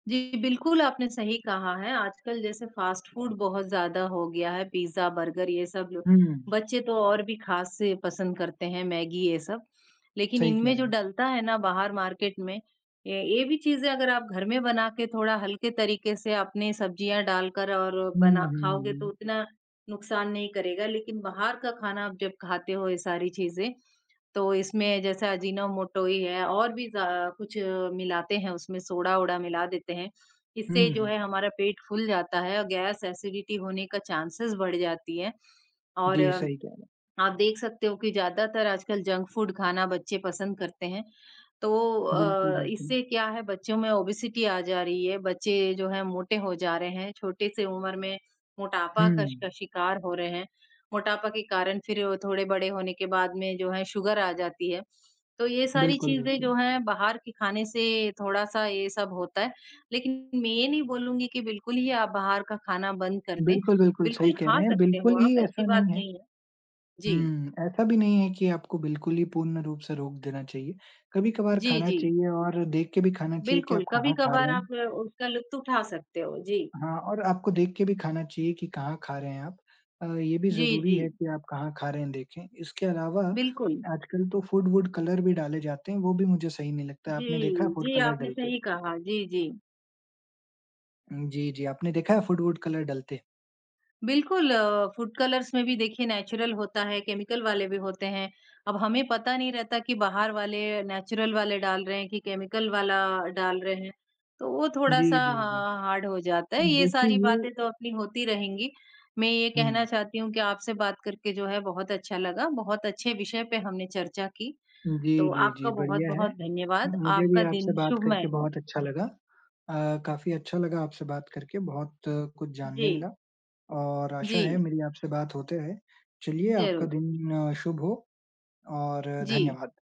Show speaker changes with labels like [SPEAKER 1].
[SPEAKER 1] जी, बिल्कुल आपने सही कहा है। आजकल जैसे फास्ट फूड बहुत ज़्यादा हो गया है पिज्जा, बर्गर ये सब जो
[SPEAKER 2] हुँ।
[SPEAKER 1] बच्चे तो और भी खास से पसंद करते हैं मैगी ये सब। लेकिन
[SPEAKER 2] सही कह
[SPEAKER 1] इनमें जो
[SPEAKER 2] रहे हैं।
[SPEAKER 1] डलता है ना बाहर मार्केट में ये ये भी चीज़ें अगर आप घर में बनाकर थोड़ा हल्के तरीक़े से अपनी सब्जियाँ डालकर और
[SPEAKER 2] हुँ,
[SPEAKER 1] बना
[SPEAKER 2] हुँ,
[SPEAKER 1] खाओगे तो
[SPEAKER 2] हुँ।
[SPEAKER 1] उतना नुकसान नहीं करेगा। लेकिन बाहर का खाना आप जब खाते हो ये सारी चीज़ें तो इसमें जैसे अजीनोमोटो ही है और भी ज कुछ मिलाते हैं उसमें सोडा-ओडा मिला देते हैं। इससे
[SPEAKER 2] हुँ,
[SPEAKER 1] जो है
[SPEAKER 2] हुँ।
[SPEAKER 1] हमारा पेट फूल जाता है और गैस एसिडिटी होने का चांसेस बढ़ जाती है। और,
[SPEAKER 2] जी, सही कह रहे
[SPEAKER 1] आप
[SPEAKER 2] हैं।
[SPEAKER 1] देख सकते हो कि ज़्यादातर आजकल जंक फूड खाना बच्चे पसंद करते हैं तो
[SPEAKER 2] बिल्कुल,
[SPEAKER 1] अ, इससे
[SPEAKER 2] बिल्कुल।
[SPEAKER 1] क्या है बच्चों में ओबेसिटी आ जा रही है। बच्चे जो हैं मोटे हो जा रहे हैं, छोटी-सी उम्र में मोटापा कस का
[SPEAKER 2] हुँ।
[SPEAKER 1] शिकार हो रहे हैं। मोटापा के कारण फिर थोड़े बड़े होने के बाद में जो है सुगर आ जाती है, तो ये सारी
[SPEAKER 2] बिल्कुल,
[SPEAKER 1] चीज़ें
[SPEAKER 2] बिल्कुल।
[SPEAKER 1] जो हैं बाहर के खाने से थोड़ा-सा ये सब होता है। लेकिन मैं ये नहीं बोलूँगी कि बिल्कुल ही आप बाहर का खाना बंद कर दें।
[SPEAKER 2] बिल्कुल, बिल्कुल, सही
[SPEAKER 1] बिल्कुल
[SPEAKER 2] कह
[SPEAKER 1] खा
[SPEAKER 2] रहे हैं।
[SPEAKER 1] सकते
[SPEAKER 2] बिल्कुल
[SPEAKER 1] हो
[SPEAKER 2] ही
[SPEAKER 1] आप ऐसी
[SPEAKER 2] ऐसा
[SPEAKER 1] बात
[SPEAKER 2] नहीं है।
[SPEAKER 1] नहीं है। जी।
[SPEAKER 2] हुँ, ऐसा भी नहीं है कि आपको बिल्कुल ही पूर्ण रूप से रोक देना चाहिए। कभी-कभार
[SPEAKER 1] जी,
[SPEAKER 2] खाना
[SPEAKER 1] जी।
[SPEAKER 2] चाहिए और देख के भी खाना चाहिए कि आप
[SPEAKER 1] बिल्कुल,
[SPEAKER 2] कहाँ खा
[SPEAKER 1] कभी-कभार
[SPEAKER 2] रहे
[SPEAKER 1] आप
[SPEAKER 2] हैं।
[SPEAKER 1] उसका लुत्फ उठा सकते हो। जी।
[SPEAKER 2] हाँ, और आपको देख के भी खाना चाहिए कि कहाँ खा रहे हैं आप। अ, ये भी
[SPEAKER 1] जी,
[SPEAKER 2] ज़रूरी है
[SPEAKER 1] जी।
[SPEAKER 2] कि आप कहाँ खा रहे हैं देखें। इसके अलावा
[SPEAKER 1] बिल्कुल।
[SPEAKER 2] आजकल तो फूड-वूड कलर भी डाले जाते हैं, वो भी मुझे सही नहीं लगता।
[SPEAKER 1] जी।
[SPEAKER 2] आपने देखा है फूड
[SPEAKER 1] जी,
[SPEAKER 2] कलर
[SPEAKER 1] आपने
[SPEAKER 2] डलते?
[SPEAKER 1] सही कहा। जी, जी।
[SPEAKER 2] उम, जी, जी। आपने देखा है फूड-वूड कलर डलते?
[SPEAKER 1] बिल्कुल फूड कलर्स में भी देखिए नेचुरल होता है, केमिकल वाले भी होते हैं। अब हमें पता नहीं रहता कि बाहर वाले नेचुरल वाले डाल रहे हैं कि केमिकल वाला डाल रहे हैं, तो वो
[SPEAKER 2] जी,
[SPEAKER 1] थोड़ा-सा
[SPEAKER 2] जी, जी।
[SPEAKER 1] हाँ हार्ड हो जाता है।
[SPEAKER 2] उ
[SPEAKER 1] ये
[SPEAKER 2] देखिए
[SPEAKER 1] सारी
[SPEAKER 2] ये
[SPEAKER 1] बातें तो अपनी होती रहेंगी मैं ये कहना
[SPEAKER 2] हुँ।
[SPEAKER 1] चाहती हूँ कि आपसे बात करके जो है बहुत अच्छा लगा। बहुत अच्छे विषय पे हमने चर्चा की,
[SPEAKER 2] उ, जी,
[SPEAKER 1] तो
[SPEAKER 2] जी,
[SPEAKER 1] आपका
[SPEAKER 2] जी, बढ़िया है।
[SPEAKER 1] बहुत-बहुत धन्यवाद
[SPEAKER 2] मुझे भी
[SPEAKER 1] आपका
[SPEAKER 2] आपसे
[SPEAKER 1] दिन
[SPEAKER 2] बात करके
[SPEAKER 1] शुभमय हो।
[SPEAKER 2] बहुत अच्छा लगा। अ, काफ़ी अच्छा लगा आपसे बात करके। बहुत कुछ जानने
[SPEAKER 1] जी।
[SPEAKER 2] मिला, और आशा है
[SPEAKER 1] जी।
[SPEAKER 2] मेरी आपसे बात होते रहे चलिए आपका
[SPEAKER 1] ज़रूर।
[SPEAKER 2] दिन शुभ हो और,
[SPEAKER 1] जी।
[SPEAKER 2] धन्यवाद।